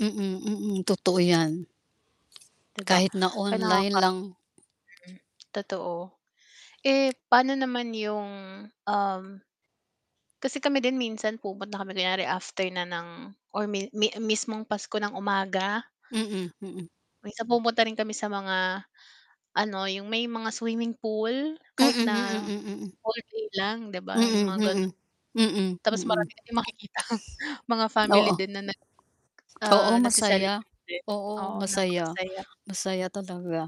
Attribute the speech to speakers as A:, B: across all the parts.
A: Mm, totoo yan.
B: Di ba
A: Kahit na
B: kaya
A: online
B: nakaka
A: lang
B: Totoo, eh, paano naman yung, um kasi kami din minsan pumupunta kami kunyari after na ng or mi mi mismong Pasko ng umaga.
A: Mm, mm.
B: Minsan pumunta rin kami sa mga ano, yung may mga swimming pool
A: Mm,
B: kahit
A: mm,
B: na
A: mm, mm.
B: [unintelligible] lang di ba yung
A: Mm,
B: mga ganun.
A: mm. Mm,
B: Tapos marami
A: mm.
B: ka ding makikitang mga family
A: Oo.
B: din na nag
A: Oo,
B: ah,
A: masaya.
B: nagce-celebrate din,
A: Oo,
B: oo,
A: masaya.
B: napakasaya.
A: Masaya talaga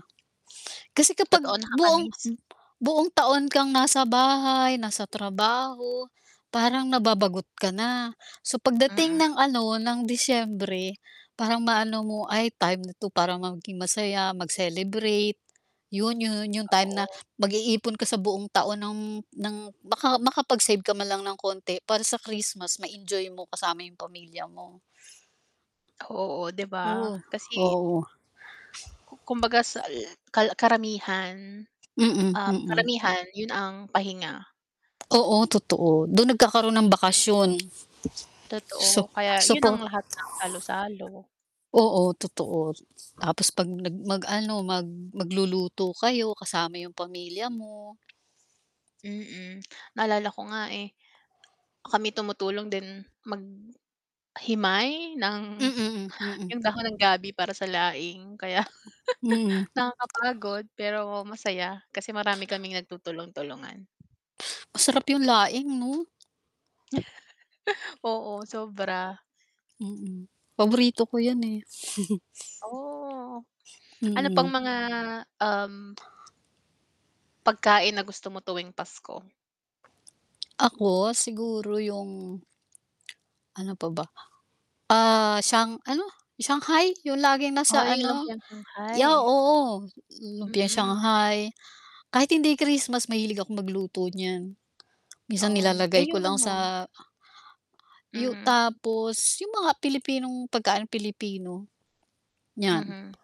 A: kasi kapag
B: Totoo
A: buong
B: nakakamiss.
A: buong taon kang nasa bahay, nasa trabaho parang nababagot ka na, so
B: Mm.
A: pagdating ng ano, ng Disyembre parang maano mo ay time na ito para maging masaya mag-celebrate yun yun yung time na
B: Oo.
A: mag-iipon ka sa buong taon ng ng maka makapag-save ka man lang ng konti para sa Christmas ma-enjoy mo kasama yung pamilya mo.
B: Oo, di ba
A: Oo,
B: kasi
A: oo.
B: Kumbaga sal kar karamihan,
A: Mm,
B: um,
A: mm.
B: karamihan yun ang pahinga.
A: Oo, totoo dun nagkakaroon ng bakasyon su
B: Totoo, kaya yun ang
A: supo
B: lahat ng salo-salo.
A: Oo, totoo tapos pag nag mag-ano mag magluluto kayo kasama yung pamilya mo.
B: Mm, naalala ko nga eh, kami tumutulong din maghimay ng
A: Mm, mm,
B: yung
A: mm.
B: dahon ng gabi para sa laing kaya
A: Mm.
B: nakakapagod pero masaya kasi marami kaming nagtutulong-tulungan.
A: Masarap yung laing 'no?
B: Oo, sobra.
A: Mm, paborito ko yan eh.
B: Oh, ano pang
A: Mm.
B: mga um pagkain na gusto mo tuwing Pasko?
A: Ako siguro yung Ano pa ba? Ah, Shang ano? Shanghai yung laging
B: O
A: nasa
B: yung
A: ano
B: lumpiang
A: ya,
B: Shanghai.
A: oo, lumpiang
B: Mm.
A: shanghai kahit hindi Christmas mahilig akong magluto niyan.
B: O
A: Minsan
B: na eh
A: nilalagay ko
B: yung
A: lang
B: ano
A: sa Yu
B: Mhm.
A: tapos yung mga Pilipinong pagkaan Pilipino. Yan.
B: Mhm.